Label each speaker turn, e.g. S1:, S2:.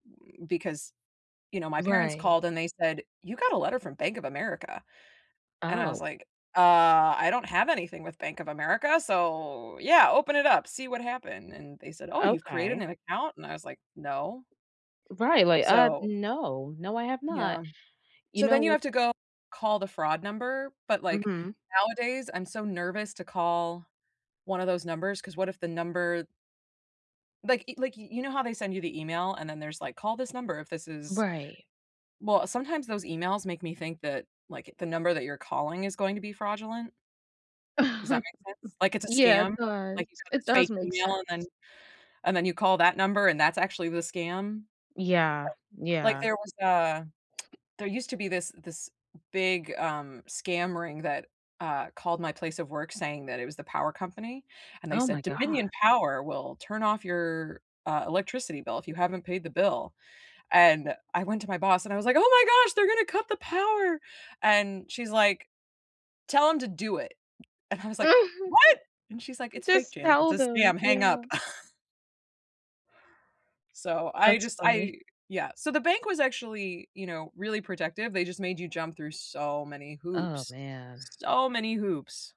S1: Mm, because, you know, my parents
S2: Right.
S1: called and they said, "You got a letter from Bank of America." and I was
S2: Oh.
S1: like, "Uh, I don't have anything with Bank of America, so, yeah, open it up. See what happened," and they said, "Oh, you've created
S2: Okay.
S1: an account?" and I was like, "No."
S2: Right, like, "Uh,
S1: So
S2: no, no, I have not."
S1: Yeah.
S2: You
S1: So
S2: know
S1: then you
S2: what
S1: have to go call the fraud number, but like,
S2: Mhm.
S1: nowadays, I'm so nervous to call one of those numbers, 'cause what if the number like, y like, you you know how they send you the email and then there's like, "Call this number if this is"
S2: Right.
S1: Well, sometimes those emails make me think that, like, the number that you're calling is going to be fraudulent Does that make sense? Like, it's a
S2: Yeah, it
S1: scam. Like, you
S2: does.
S1: got
S2: It
S1: this
S2: does
S1: fake
S2: make
S1: email and then
S2: sense.
S1: and then you call that number and that's actually the scam?
S2: Yeah,
S1: Like Like,
S2: yeah.
S1: there was a There used to be this this big, um, scam ring that, uh, called my place of work saying that it was the power company, and they
S2: Oh my
S1: said
S2: god.
S1: "Dominion Power will turn off your, uh, electricity bill if you haven't paid the bill." and I went to my boss and I was like, "Oh my gosh, they're going to cut the power!" and she's like, "Tell them to do it." and I was like, "What?!" and she's like, "It's fake,
S2: Just
S1: Janet. It's
S2: tell
S1: a
S2: them
S1: scam. Hang
S2: Yeah.
S1: up." So I
S2: That's
S1: just
S2: funny.
S1: I Yeah, so the bank was actually, you know, really protective, they just made you jump through so many
S2: Oh,
S1: hoops.
S2: man.
S1: So many hoops.